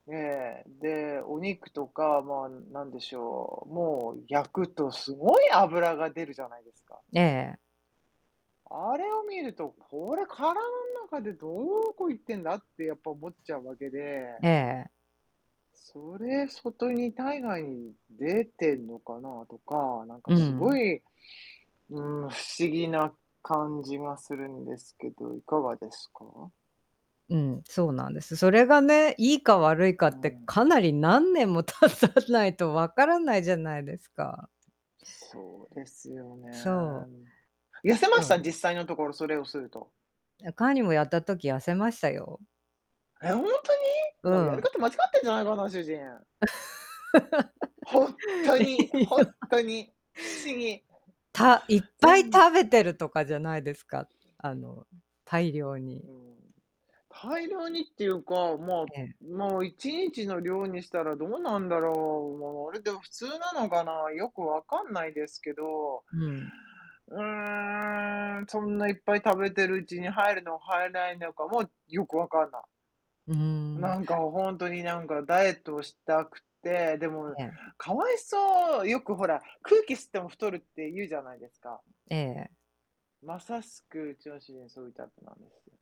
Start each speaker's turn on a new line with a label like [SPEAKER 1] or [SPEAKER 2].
[SPEAKER 1] ええ、で、お肉とか、ま、なんでしょう、もう、焼くとすごい脂が出るじゃないですか。
[SPEAKER 2] ええええ。
[SPEAKER 1] あれを見ると、これ、体ん中でどこ行ってんだってやっぱ思っちゃうわけで。
[SPEAKER 2] ええええ。
[SPEAKER 1] それ、外に体外に出てんのかなとか、なんか、
[SPEAKER 2] う
[SPEAKER 1] すご
[SPEAKER 2] ん。
[SPEAKER 1] い、うーん、不思議な感じがするんですけど、いかがですか？
[SPEAKER 2] うん、そうなんです。それがね、いいか悪いか
[SPEAKER 1] う
[SPEAKER 2] って、
[SPEAKER 1] ん。
[SPEAKER 2] かなり何年も経たないと分からないじゃないですか。
[SPEAKER 1] そうですよね、
[SPEAKER 2] そう。
[SPEAKER 1] 痩せま
[SPEAKER 2] そ
[SPEAKER 1] した？
[SPEAKER 2] う。
[SPEAKER 1] 実際のところ、それをすると。
[SPEAKER 2] いや、カーニもやった時、痩せましたよ。
[SPEAKER 1] え、ほんとに？
[SPEAKER 2] う
[SPEAKER 1] な、おやり
[SPEAKER 2] ん。
[SPEAKER 1] 方間違ってんじゃないかな、主人。ほん と
[SPEAKER 2] え
[SPEAKER 1] に
[SPEAKER 2] え、い
[SPEAKER 1] ほ
[SPEAKER 2] や
[SPEAKER 1] ん とに不思議。
[SPEAKER 2] たいっ
[SPEAKER 1] ぜ
[SPEAKER 2] ぱい
[SPEAKER 1] んず
[SPEAKER 2] 食べてるとかじゃないですか？あの、大量に。
[SPEAKER 1] うーん。大量にっていうか、ま、
[SPEAKER 2] ええ。
[SPEAKER 1] もう1日の量にしたら、どうなんだろう。もう、あれでは普通なのかな、よくわかんないですけど。
[SPEAKER 2] うん。
[SPEAKER 1] うーん、そんないっぱい食べてるうちに入るのはえないのかもよくわかんない。
[SPEAKER 2] うーん。
[SPEAKER 1] なんか、おほんとに、なんか、ダイエットをしたくて、でも、
[SPEAKER 2] ええ。
[SPEAKER 1] かわいそう。よくほら、空気吸っても太るって言うじゃないですか。
[SPEAKER 2] ええええ。
[SPEAKER 1] まさしく、うちの主人はそういうタイプなんですよ。